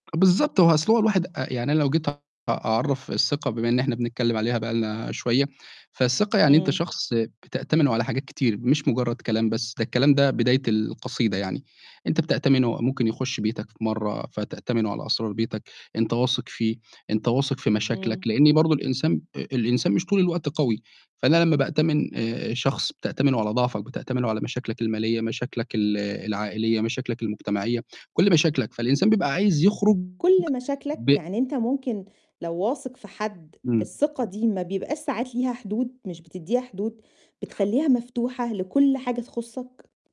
بالضبط، هو أصل هو الواحد أ يعني أنا لو جيت أ أعرّف الثقة بما إن إحنا بنتكلِّم عليها بقى لنا شوية، فالثقة يعني أنت إمم. شخص بتأتمنه على حاجات كتير مش مُجرّد كلام بس، ده الكلام ده بداية القصيدة يعني، أنت بتأتمنه ممكن يخُش بيتك في مرّة فتأتمنه على أسرار بيتك، أنت واثق فيه، أنت واثق في إمم. مشاكلك، لإن برضه الإنسان آآ الإنسان مش طول الوقت قوي، فأنا لمّا بأتمن آآ شخص بتأتمنه على ضعفك، بتأتمنه على مشاكلك المالية، مشاكلك ال العائلية، مشاكلك المجتمعية، كلّ مشاكلك، فالإنسان بيبقى عايز يخرج كلّ ب مشاكلك؟ يعني أنت ممكن لو واثق في حد إمم. الثقة دي ما بيبقاش ساعات ليها حدود، مش بتدّيها حدود؟ بتخلّيها مفتوحة لكلّ حاجة تخصّك؟